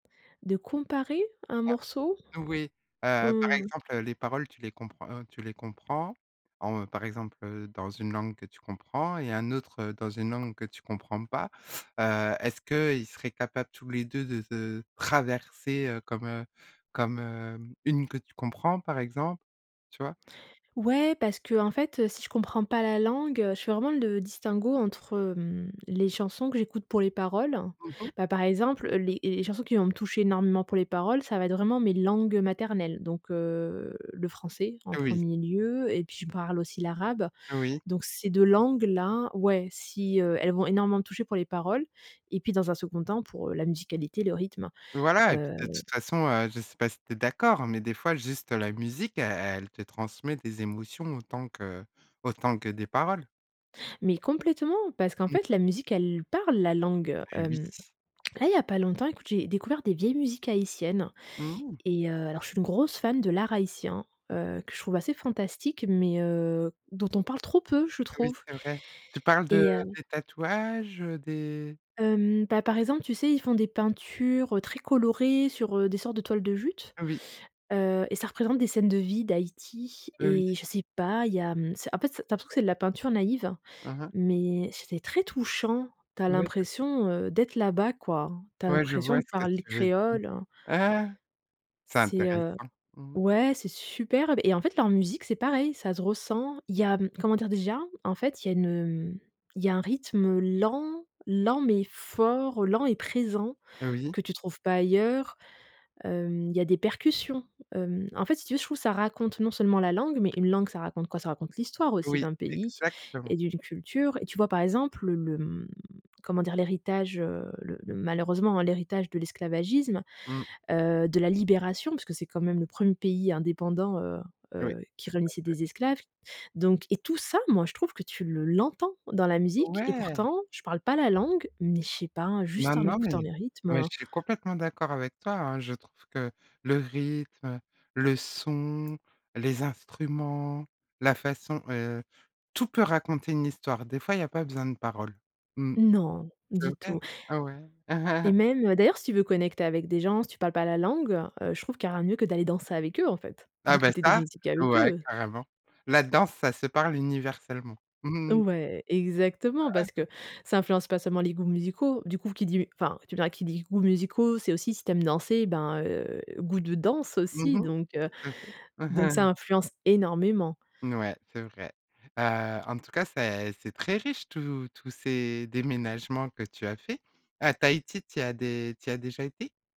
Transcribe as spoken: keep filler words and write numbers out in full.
De comparer un Ah, morceau? oui, heu, par Mmh. exemple, heu, les paroles, tu les comprends, heu, tu les comprends, en par exemple, heu, dans une langue que tu comprends et un autre, dans une langue que tu comprends pas. Heu, est-ce qu'ils seraient capables tous les deux de se traverser, heu, comme, heu, comme, hem, une que tu comprends, par exemple? Tu vois? Ouais, parce qu'en fait, si je comprends pas la langue, heu, je fais vraiment le distinguo entre, mmh, les chansons que j'écoute pour les paroles. Mmh mh. Bah, par exemple, les les chansons qui vont me toucher énormément pour les paroles, ça va être vraiment mes langues, heu, maternelles, donc heu, le français en Oui. premier lieu et puis je parle aussi l'arabe, Oui. donc ces deux langues-là, ouais, si, heu, elles vont énormément me toucher pour les paroles et puis, dans un second temps, pour, heu, la musicalité, le rythme, Voilà, et puis, heu. de toute façon, heu, je sais pas si tu es d'accord, mais des fois, juste la musique, elle elle te transmet des émotions, autant que autant que des paroles. Mais complètement, parce qu'en Mmh. fait, la musique, elle parle la langue. Mais oui. Hem, là, il y a pas longtemps, écoute, j'ai découvert des vieilles musiques haïtiennes, Mmh. et heu, alors je suis une grosse fan de l'art haïtien, Mmh. heu, que je trouve assez fantastique, mais heu, dont on parle trop peu, je Ah oui, trouve c'est vrai. Tu parles de et heu des tatouages, des Hem, bah, par exemple, tu sais, ils font des peintures, heu, très colorées sur, heu, des sortes de toiles de jute, oui. heu, et ça représente des scènes de vie d'Haïti Heu, et oui. je sais pas, il y a, mmh, en fait, tu as l'impression que c'est de la peinture naïve, Hein, hein. mais c'était très touchant. Tu as Ouais, je l'impression, heu, d'être là-bas, quoi. Tu as Ouais, je l'impression vois de ce que parler tu veux di créole, heu. c'est C'est, intéressant, heu, mmh. ouais, c'est superbe et en fait, leur musique, c'est pareil, ça se ressent. Il y a, mmh, comment dire déjà, en fait, il y a une, heu, il y a un rythme lent, lent, mais fort, lent et présent, Oui. que tu trouves pas ailleurs. Hem, il y a des percussions. Hem, en fait, si tu veux, je trouve, ça raconte non seulement la langue, mais une langue, ça raconte quoi? Ça raconte l'histoire aussi Oui, d'un pays exactement. et d'une culture et tu vois? Par exemple, le le, mmh, comment dire? L'héritage, heu, le le, malheureusement, hein, l'héritage de l'esclavagisme, Mmh. heu, de la libération, parce que c'est, quand même, le premier pays indépendant, heu Oui, heu, qui tout à réunissait fait. des esclaves, donc et tout ça, moi, je trouve que tu le l'entends dans la musique et Ouais! pourtant, je parle pas la langue, mais je sais pas, Non, juste en non écoutant mais les rythmes, ouais heu. je suis complètement d'accord avec toi, hein. Je trouve que le rythme, heu, le son, les instruments, la façon heu, tout peut raconter une histoire. Des fois, il y a pas besoin de parole. Mmh, Non, c'est du tout vrai. Ah, ouais. et même, heu, d'ailleurs, si tu veux connecter avec des gens, si tu parles pas la langue, heu, je trouve qu'il y a rien de mieux que d'aller danser avec eux, en fait, Ah, bah, d'écouter des ça, musiques avec ouais, eux. carrément. La danse, ça se parle, universellement. Ouais, exactement, parce que ça influence pas seulement les goûts musicaux. Du coup, qui dit enfin, tu me diras, qui dit: «goûts musicaux», c'est aussi si tu aimes danser, ben, heu, goût de danse Mmh aussi mh, donc heu, tout à fait. donc ça influence énormément. N ouais, c'est vrai. Heu, en tout cas, c'est c'est très riche, tous tous ces déménagements que tu as faits. À Tahiti, tu y as dé tu y as déjà été?